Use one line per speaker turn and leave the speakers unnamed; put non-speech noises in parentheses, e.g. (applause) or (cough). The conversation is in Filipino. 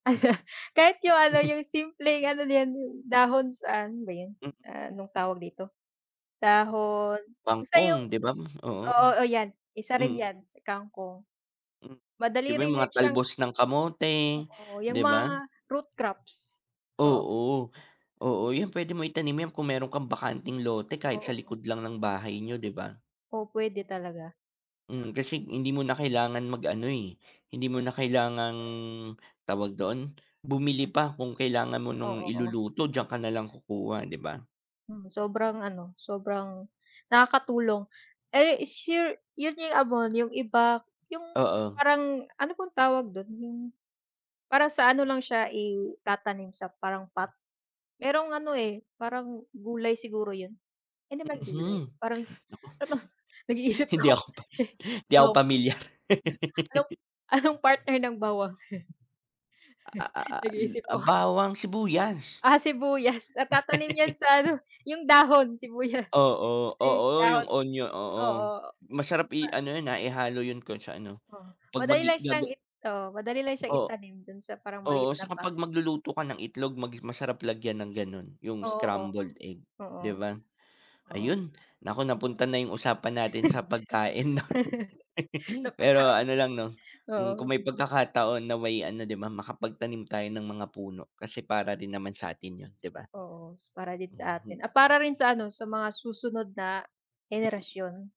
(chuckles) Kahit 'yung ano
(chuckles)
'yung simpleng ano din, dahon saan ano ba 'yun,
M
ah, anong tawag dito, dahon basta
Kangkong
'yung
'di ba? Oo,
oo, oh, yan. Isa rin
mm.
'yan, si kangkong,
M, 'di
madali
ba
rin
'yung mga
'yan siyang.
talbos ng kamote,
Oo, 'yung
'di
mga
ba?
root crops, oo.
Oo, oo. 'Yun puwede mong itanim 'yan kung meron kang bakanteng lote kahit sa
Oo.
likod lang ng bahay niyo, 'di ba?
Oh, puwede talaga.
Mm, kasi hindi mo na kailangan mag ano, eh, hindi mo na kailangang tawag doon, bumili pa kung kailangan mo ng
Oo, o.
iluluto, diyan ka nalang kukuha, 'di ba?
Mm, sobrang ano, sobrang nakakatulong. Eh, is sure 'yun 'yung abono, 'yung iba 'yung
Oo.
parang ano pong tawag do'n 'yung, parang sa ano lang siya itatanim sa parang pot. Merong ano, eh, parang gulay siguro yun. Hindi man gulay,
Mhm,
parang
naku,
para bang nag-iisip
hindi
ako
ako pa
(snorts)
'di ako ako
anong
pamilyar.
anong
(laughs)
anong partner ng bawang?
A a
(chuckles)
al
Nag-iisip
ah,
ako.
bawang sibuyas.
Ah, sibuyas natatanim 'yan
(giggles)
sa ano, 'yung dahon sibuya
Oo.
'yung
Oo, 'yung
dahon
onyo oo,
oo.
masarap i
Ma
ano 'yun, ah, ihalo 'yun kung sa ano,
O,
'pag
madali
maggi
lang siyang
gaga
it oo, madali lang siyang
O
itanim do'n sa parang
oo,
maliit na
saka
pot.
'pag magluluto ka ng itlog mag masarap lagyan ng gano'n 'yung
Oo,
scrambled egg, 'di
oo,
ba?
oo.
Ayun naku, napunta na 'yung usapan natin sa pagkain 'no,
(laughs)
Pero
Napasarap,
ano lang, 'no, hmm,
oo.
kung may pagkakataon na may ano, 'di ba, makapagtanim tayo ng mga puno, kasi para rin naman sa'tin 'yun, 'di ba?
Oo, s para din sa
Mhm.
atin, at para rin sa ano sa mga susunod na henerasyon.